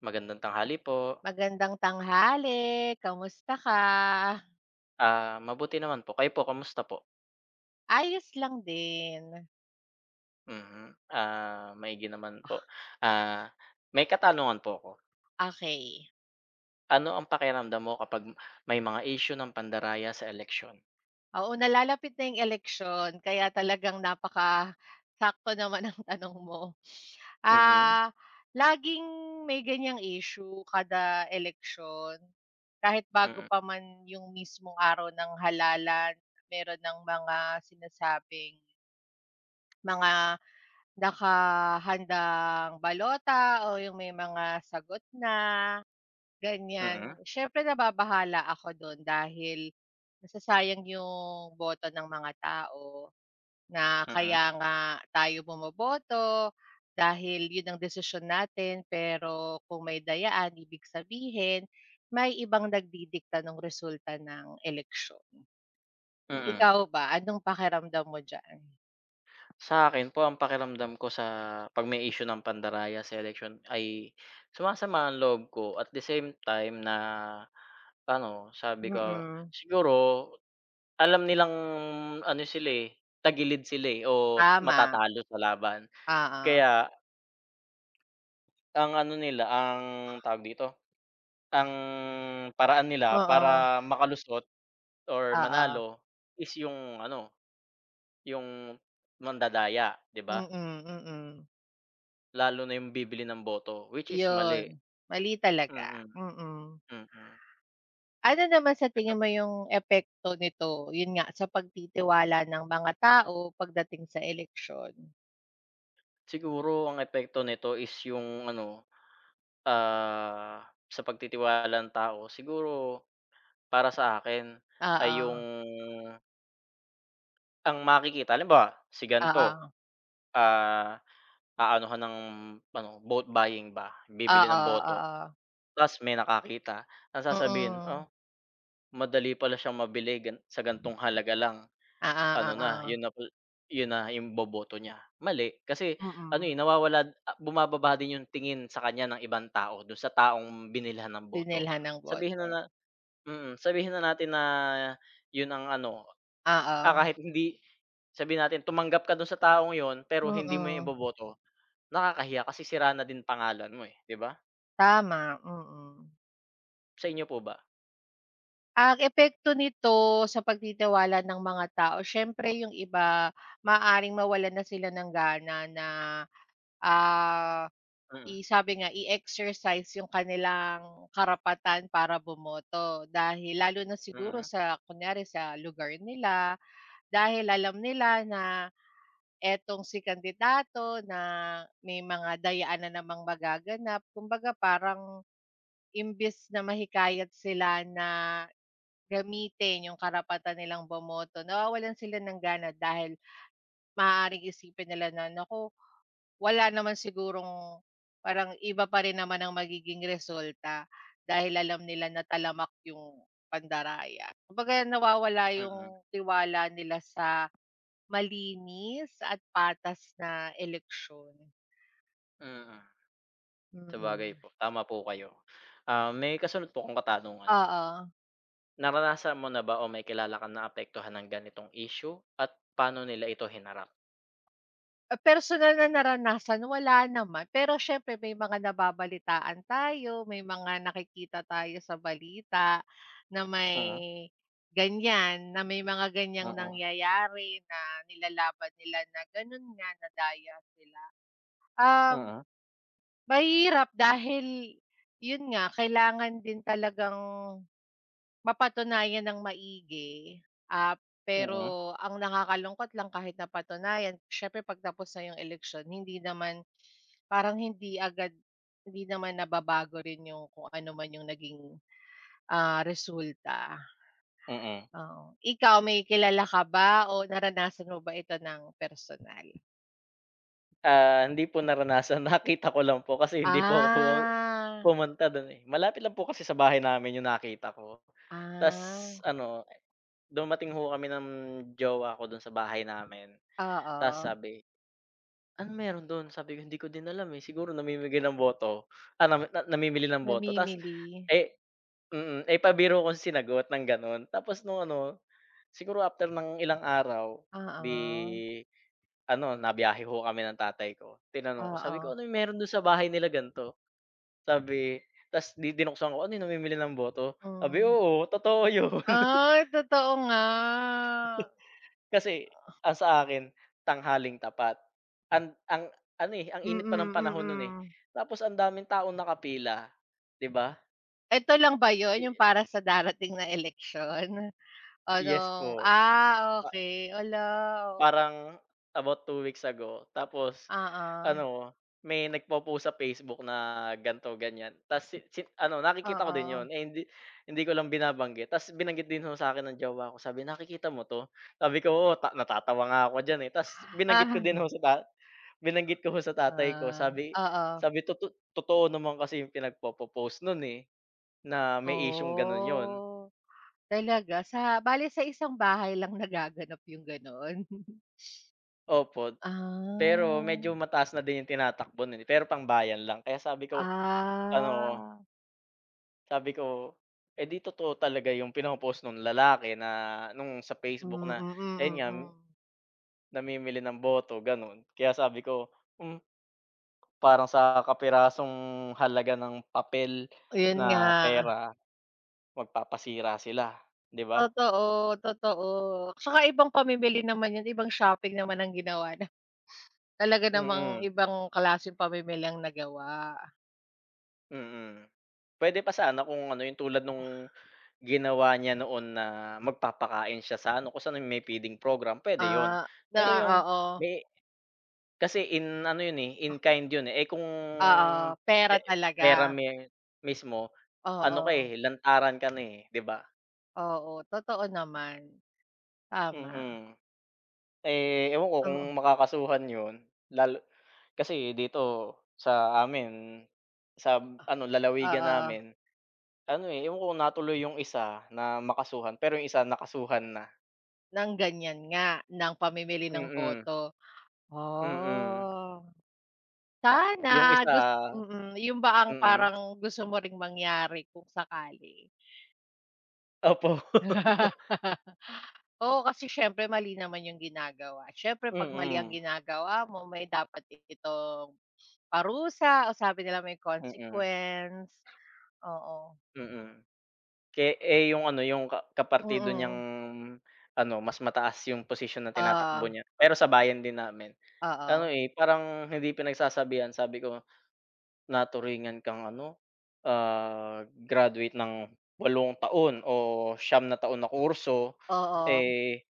Magandang tanghali po. Magandang tanghali, kamusta ka? Ah, mabuti naman po, kayo po kamusta po? Ayos lang din. Mm, ah, maigi naman po, ah, may katanungan po ako. Okey. Ano ang pakiramdam mo kapag may mga isyu ng pandaraya sa eleksyon? Oo, nalalapit na 'yong eleksiyon kaya talagang napakasakto naman ng tanong mo, Mm. ah, laging, may ganyang issue kada eleksyon, kahit bago Mm. pa man yung mismong araw ng halalan meron ng mga sinasabing mga nakahandang balota o yung may mga sagot na, Mm. ganyan. Siyempre nababahala ako don dahil sayang yung boto ng mga tao, na Mm. kaya nga tayo bumoboto dahil 'yun ang desisyon natin pero kung may dayaan ibig sabihin may ibang nagdidikta nung resulta ng eleksyon. Mm. Ikaw ba anong pakiramdam mo diyaan? Sa 'kin po ang pakiramdam ko sa pag may issue ng pandaraya sa eleksyon ay sumasama ang loob ko at the same time na ano, sabi ko Mm. siguro alam nilang ano sila, eh, tagilid sila, eh, o Tama, matatalo sa laban oo. kaya ang ano nila ang tawag dito, ang paraan nila Oo. para makalusot or Oo. manalo is yung ano, yung mandadaya 'di ba. Mm, mm. Lalo na yung bibili ng boto which is mali, Iyon mali mm, talaga, mm. mm. Ano naman sa Eto tingin p mo yung epekto nito, yun nga sa pagtitiwala ng mga tao pagdating sa eleksyon? Siguro ang epekto nito is yung ano, ah, sa pagtitiwala ng tao, siguro para sa akin ay yung Oo. ang makikita halimbawa, si ganto Oo. ah aanuhan ng ano vote buying ba, bibili Oo, ng boto oo. 'tas may nakakita. Ang sasabihin, "Ah, Mm. madali pala siyang mabili gan sa gantong halaga lang Oo, ano na, oo. yun na pa yun na 'yong boboto niya." Mali kasi ano, Mm. eh, nawawala bumababa din 'yong tingin sa kanya ng ibang tao do'n sa taong binilhan ng boto. Binilhan ng Sabihin na boto. na mm, sabihin na natin na 'yon ang ano ah, Oo. kahit hindi sabihin natin tumanggap ka do'n sa taong 'yon pero hindi mo 'yon Mm. iboboto nakakahiya, kasi sira na din pangalan mo, eh, 'di ba. Tama, mm. Sa inyo po ba? Ang epekto nito sa pagtitiwala ng mga tao, siyempre yung iba maaaring mawalan na sila ng gana na, ah, Mm. i sabi nga, i-exercise yung kanilang karapatan para bumoto, dahil lalo na siguro Mm. sa kunyari sa lugar nila, dahil alam nila na etong si kandidato, na may mga dayaan na namang magaganap, kumbaga parang imbes na mahikayat sila na gamitin yung karapatan nilang bumoto, nawawalan sila ng gana dahil maaaring isipin nila na, naku, wala naman sigurong parang iba pa rin naman ang magiging resulta dahil alam nila na talamak yung pandaraya. Kumbaga nawawala Mm. yung tiwala nila sa malinis at patas na eleksiyon. Mhm. Sabagay Mm. po, tama po kayo. Ah, may kasunod po akong katanungan. Oo. Naranasan mo na ba o may kilala kang naapektuhan ng ganitong isyu at paano nila ito hinarap? Ah, personal na naranasan wala naman, pero syempre may mga nababalitaan tayo, may mga nakikita tayo sa balita na Mm. may ganyan na may mga ganyang Mm. nangyayari na nilalaban nila na ganun nga. Um Mm. mahirap dahil 'yon nga kailangan din talagang mapatunayan ng maigi. Ah, Mm. pero ang nakakalungkot lang kahit napatunayan siyempre 'pag tapos na 'yong eleksiyon hindi naman parang hindi agad hindi naman nababago rin 'yong kung ano man 'yong naging, ah, resulta. Mm. Oo, ikaw may kilala ka ba o naranasan mo ba ito ng personal? Ah, hindi po naranasan nakita ko lang po kasi hindi po ako Ah. pumunta don eh, malapit lang po kasi sa bahay namin yung nakita ko. 'Tas Ah. ano dumating ho kami ng jowa ko don sa bahay namin. 'Tas Oo. sabi, anong meron don? sabi ko, hindi ko din alam eh, siguro namimigay ng boto. Ah, na namimili ng boto tas, Namimili. eh mm, eh, pabiro kong sinagot ng ganon tapos nung ano, siguro after ng ilang araw Oo. di ano nabiyahe ho kami ng tatay ko. Tinanong ko sabi ko Oo. anong meron don sa bahay nila ganto? Sabi eh, tas 'di din ako sa ano 'yon namimili ng boto?sabi Mm. oo, totoo 'yon. Ay totoo nga, ah. Kasi ang sa akin tanghaling tapat, ang, ang ano eh, ang init pa ng Mm, panahon non eh, mm. tapos ang daming taong nakapila 'di ba? Eto lang ba yun yung para sa darating na eleksyon, o Yes nung po. ah, Pa okey. Hala, oo. Parang about 2 weeks ago tapos Oo. ano, may nagpo-post sa Facebook na ganito, ganiyan. 'Tas si si ano, nakikita ko din 'yon, Oo. eh, hindi hindi ko lang binabanggit 'tas binanggit din ho sa akin ng jowa ko. Sabi, "Nakikita mo 'to?" Sabi ko, "Oo, ta natatawa nga ako diyan, eh." Ta's binanggit ko din Ah. ho sa ta binanggit ko ho sa tatay ko, Ah, sabi oo. sabi, "Toto totoo naman kasi yung pinagpopo-post no'n, eh, na may isyung gano'n 'yon." Oh, talaga sa bale sa isang bahay lang nagaganap yung gano'n? Opo, pero medyo Ah. mataas na din yung tinatakbo nun, eh, pero pangbayan lang. Kaya sabi ko ano Ah. Sabi ko, "Eh, 'di totoo talaga yung pino-post nung lalaki na nung sa Hmm, Facebook na, ayun mm, nga, mm. namimili ng boto," ganun. Kaya sabi ko, hmm, parang sa kapirasong halaga ng papel Oh, yun na nga. pera, magpapasira sila, 'di ba? Totoo, totoo. Tsaka ibang pamimili naman yun, ibang shopping naman ang ginawa na talaga namang Mm. ibang klaseng pamimili ang nagawa. Mm. Puwede pa sana kung ano, yung tulad nung ginawa niya noon na magpapakain siya sa ano, kung saan may feeding program puwede 'yon. Ah, na Pero yung oo. may kasi in ano yun, eh, in A kind 'yon, eh. Eh, kung Oo, pe pera pera talaga. me mismo ano ka, Oo. eh, lantaran ka na, eh, 'di ba? Oo, totoo naman. Tama. Mm. Eh, ewan ko kung Oo. makakasuhan 'yon, lalo kasi dito sa amin, sam ano, lalawigan Oo. namin, ano, eh, yung una, tuloy yung isa na makasuhan, pero yung isa nakasuhan na. Ng ganiyan nga, ng pamimili ng Mm. boto. Mm. Oh. Yung Sana, gus isa mm, yun ba ang mm. parang gusto mo ring mangyari kung sakali? Opo. Oo, kasi siyempre mali naman yung ginagawa. Siyempre 'pag mali ang Mm. ginagawa mo, may dapat din itong parusa o sabi nila may Mm. consequence, oo. Mm. Ke eh, yung ano, yung ka kapartido niyang Mm. ano, mas mataas yung posisyon na tinatakbo Oo. niya, pero sa bayan din namin. Ano, Oo. eh, parang hindi pinagsasabihan. Sabi ko, "Naturingan kang ano, ah, graduate ng 8 taon o 9 na taon na kurso, Oo. eh,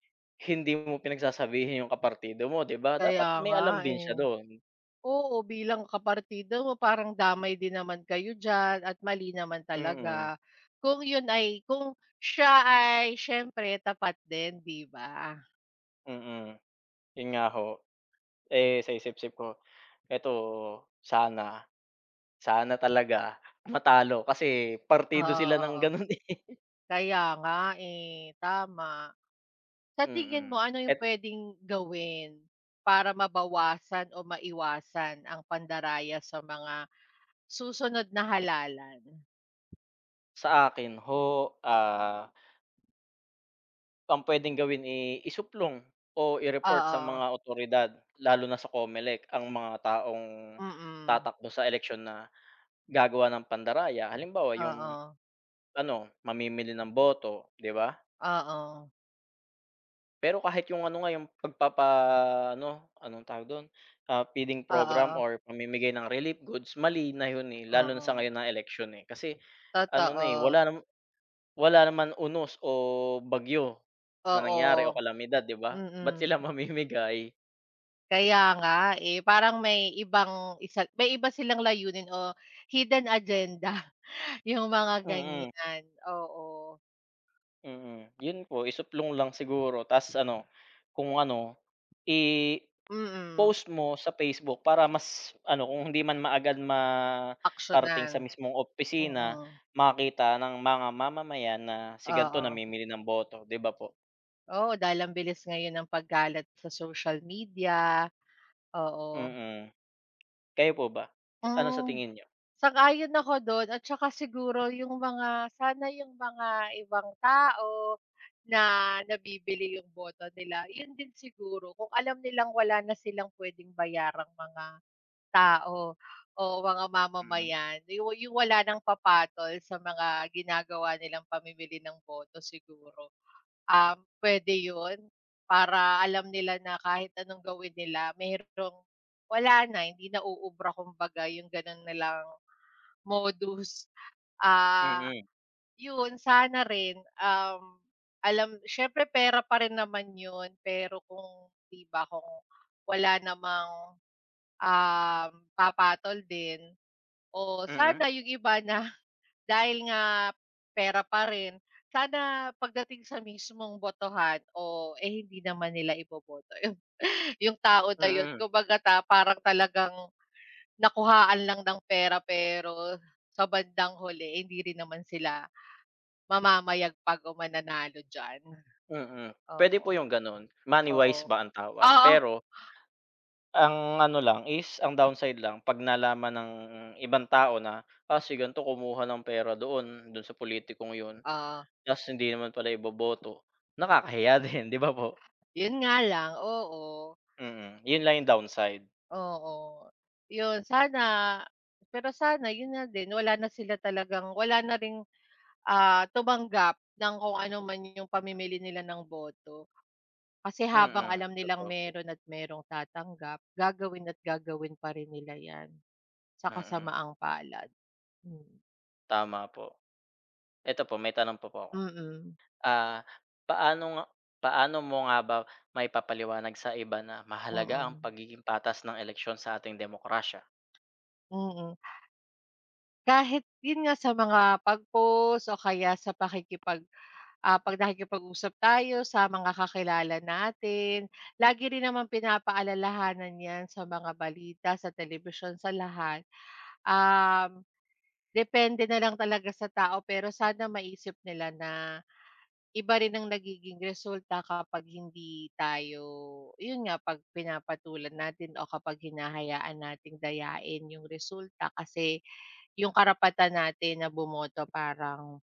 hindi mo pinagsasabihan yung kapartido mo." 'Di ba, Kaya dapat may nga, alam din siya eh. do'n. Oo, bilang kapartido mo, parang damay din naman kayo diyan at mali naman Mm. talaga. Kung yun ay, kung siya ay, siyempre tapat din, 'di ba? Mm, yun nga ho, eh, sa isip-isip ko, "Eto, sana, sana talaga matalo." Kasi partido Oo, sila ng oo. ganun, eh. Kaya nga, eh, tama. Sa tingin Mm, mo ano yung at pwedeng gawin, para mabawasan o maiwasan ang pandaraya sa mga susunod na halalan? sa akin ho, ah. Ang pwedeng gawin, eh, isuplong o i-report sa mga Oo. awtoridad, lalo na sa COMELEC ang mga taong Mm. tatakbo sa eleksyon na gagawa ng pandaraya, halimbawa yung, Oo. ano mamimili ng boto, 'di ba? Oo. Pero kahit yung ano nga, yung 'pag papa-ano, anong tawag dun, ah, feeding program Oo. or mamimigay ng relief goods, mali na yun, eh, lalo na sa Oo. ngayon na eleksyon, eh, kasi ano na, eh, Totoo. wala naman wala naman unos o bagyo na nangyari o Oo. kalamidad, 'di ba? Ba't Mm. sila mamimigay? Kaya nga, eh, parang may ibang isa may iba silang layunin o hidden agenda yung mga Mm. ganyan. Oo. Mm, 'yon po, isuplong lang siguro. Tas, ano kung ano, i-post Mm. mo sa Facebook, para mas ano kung hindi man maagad makarating sa Aksiyunan, mismong opisina, mm. makita ng mga mamamayan na si gan'to Oo. namimili ng boto, 'di ba po? Oo, dahil ang bilis ngayon ng pagkalat sa social media, oo. Mm, kayo po ba, ano sa Hmm, tingin niyo? sang-ayon ako do'n. At 'tsaka siguro yung mga, sana yung mga ibang tao na nabibili yung boto nila, 'yon din siguro, kung alam nilang wala na silang pwedeng bayarang mga tao o mga Hmm. mamamayan, di wa wala ng papatol sa mga ginagawa nilang pamimili ng boto, siguro? Um, puwede 'yon para alam nila na kahit anong gawin nila merong wala na, hindi na uubra, kumbaga, yong gano'n nilang modus. Ah, Mm. 'yon sana rin, um, alam siyempre, pera pa rin naman 'yon, pero kung 'di ba kung wala namang, um, papatol din o Mm. sana yung iba na dahil nga pera pa rin, sana pagdating sa mismong botohan o, eh, hindi naman nila iboboto 'yon, yung tao na 'yon. Mm. Kumbaga, parang talagang nakuhaan lang ng pera, pero sa bandang huli hindi rin naman sila mamamayagpag o mananalo diyan. Mm, pwede po Oo. yung ganon, money Oo. wise ba ang tawag. Oo. Pero Ang ano lang is, ang downside lang 'pag nalaman ng ibang tao na, "Si ganito kumuha ng pera doon doon sa politikong 'yon." Oo. Tas hindi naman pala iboboto nakakahiya din, 'di ba po? Yon nga lang, oo. Mm, 'yon lang yung downside. Oo, 'yon. Sana, pero sana 'yon nga din wala na sila talagang, wala na ring, ah, tumanggap ng kung ano man yung pamimili nila ng boto. Kasi, habang Mm, alam nilang totoo po. meron at merong tatanggap, gagawin at gagawin pa rin nila 'yan, sa Mm. kasamaang palad. Hmm. Tama po. Eto po may tanong pa po ako, Mm. ah, paano nga paano mo nga ba maipapaliwanag sa iba na mahalaga ang Oo. pagiging patas ng eleksyon sa ating demokrasya? Mm. Kahit 'yun nga, sa mga pag-post o kaya sa pakikipag ah, 'pag nakikipag-usap tayo sa mga kakilala natin lagi rin namang pinapaalalahanan 'yan, sa mga balita, sa telebisyon, sa lahat. Um, depende na lang talaga sa tao pero sana maisip nila na iba rin ang nagiging resulta kapag hindi tayo, 'yun nga, 'pag pinapatulan natin o kapag hinahayaan natin dayain 'yung resulta kasi 'yung karapatan natin na bumoto parang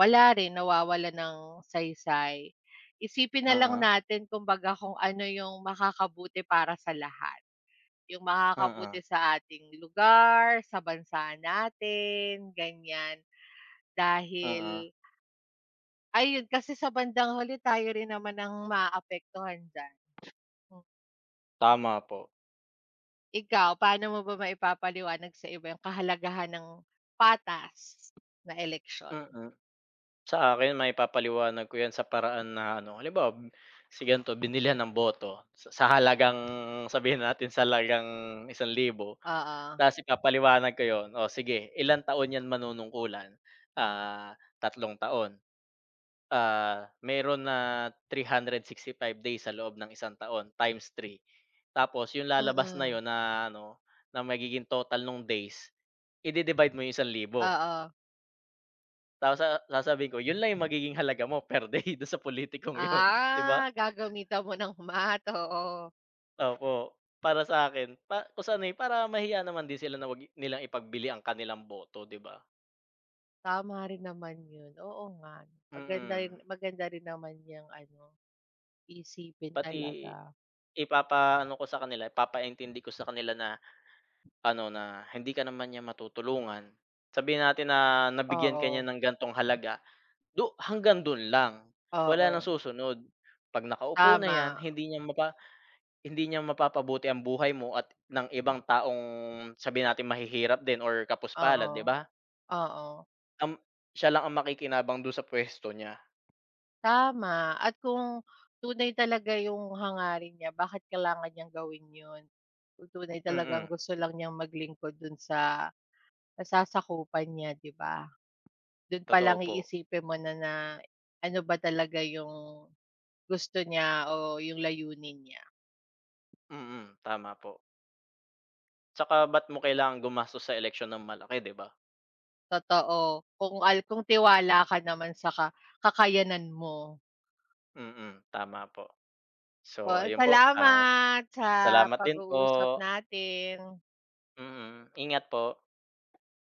wala rin nawawalan ng saysay. Isipin na lang Mm. natin kumbaga kung ano 'yung makakabuti para sa lahat, 'yung Mm. makakabuti sa ating lugar, sa bansa natin, ganiyan, Mm. dahil Ayun, kasi sa bandang huli tayo rin naman ang maaapektuhan diyan. M Tama po. Ikaw, paano mo ba maipapaliwanag sa iba yung kahalagahan ng patas na eleksyon? Mm, sa akin maipapaliwanag ko 'yan sa paraan na ano, halimbawa m si gan'to binilihan ng boto s sa halagang, sabihin natin sa halagang 1,000 Oo. 'tas ipapaliwanag ko 'yon, o sige ilang taon 'yan manunungkulan? Ah, 3 taon. Ah, meron na 365 days sa loob ng isang taon, times 3, tapos yung lalabas na Mm. 'yon na ano, na magiging total nung days ide-divide mo 'yong 1,000. Oo. 'Tas sa sasabihin ko, "Yun lang yung magiging halaga mo per day dun sa politikong yun." 'Di Ah, ba? gagamitan mo ng math, oo. Opo, para sa akin pa kung saan, eh, para mahiya naman din sila na wag nilang ipagbili ang kanilang boto, 'di ba? Tama rin naman yun, oo nga, maganda rin Mm. maganda rin naman yang ano, iisipin Pati talaga. ipapa-ano ko sa kanila ipapa-intindi ko sa kanila na, ano, na hindi ka naman niyan matutulungan. Sabihin natin na nabigyan ka niya Oo. ng gantong halaga, du hanggang dun lang, wala nang Oo. susunod, 'pag nakaupo na yan Tama. hindi niya mapa hindi niya mapapabuti ang buhay mo at ng ibang taong, sabihin natin mahihirap din or kapos-palad, Oo, 'di ba? oo. Um, siya lang ang makikinabang dun sa pwesto niya. Tama, at kung tunay talaga yung hangarin niya, bakit kailangan niyang gawin yun? Kung tunay talagang Mm. gusto lang niyang maglingkod dun sa nasasakupan niya, 'di ba? Dun pa Totoo lang po. iisipin mo na na ano ba talaga yung gusto niya o yung layunin niya? Mm, tama po. 'Tsaka ba't mo kailangang gumastos sa eleksyon ng malaki, 'di ba? Totoo, kung al kung tiwala ka naman sa ka kakayanan mo. Mm, tama po, so Oo, ayun po, ah, salamat sa salamat din po. pag-uusap natin. Mm, ingat po.